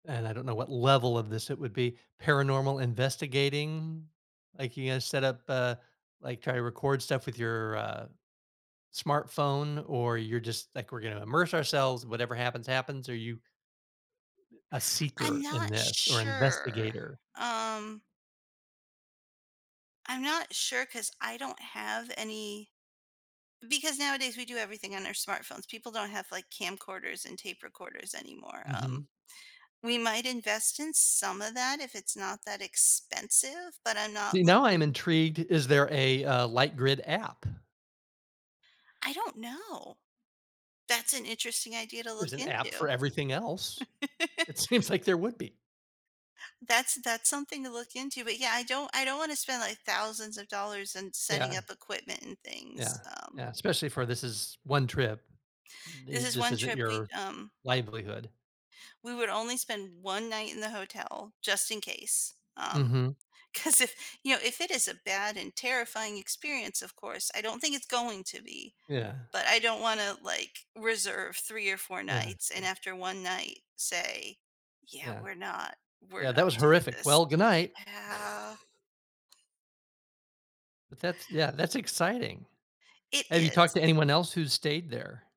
And I don't know what level of this it would be "paranormal investigating?" Like you're gonna set up, uh, like try to record stuff with your, uh, smartphone or you're just like, "We're gonna immerse ourselves, whatever happens, happens," or are you a I'm seeker in not this, or sure, investigator? um. I'm not sure 'cause I don't have any because nowadays we do everything on our smartphones. People don't have like camcorders and tape recorders anymore. Um. Mhm. We might invest in some of that if it's not that expensive, but I'm not See, now I'm looking intrigued. Is there a, uh, LightGrid app? I don't know. That's an interesting idea Th to there's look an app for into. everything else. It seems like there would be. That's that's something to look into, but yeah, I don't I don't wanna spend, like, thousands of dollars in setting Yeah. up equipment and Yeah. things. Um. Yeah. Especially for this is 1 trip. This Th is this one isn't trip we, your, um livelihood. we would only spend 1 night in the hotel, just in case, um, Mhm. 'cause if, you know, if it is a bad and terrifying experience, of course, I don't think it's going to be, Yeah. but I don't wanna, like, reserve 3 or 4 Yeah. nights I and see. after 1 night say, "Yeah, Yeah. we're not we're "Yeah. That not was doing horrific. this." Well, good night." Yeah. But that's, yeah, that's exciting. It Have you talked to is. anyone else who's stayed there?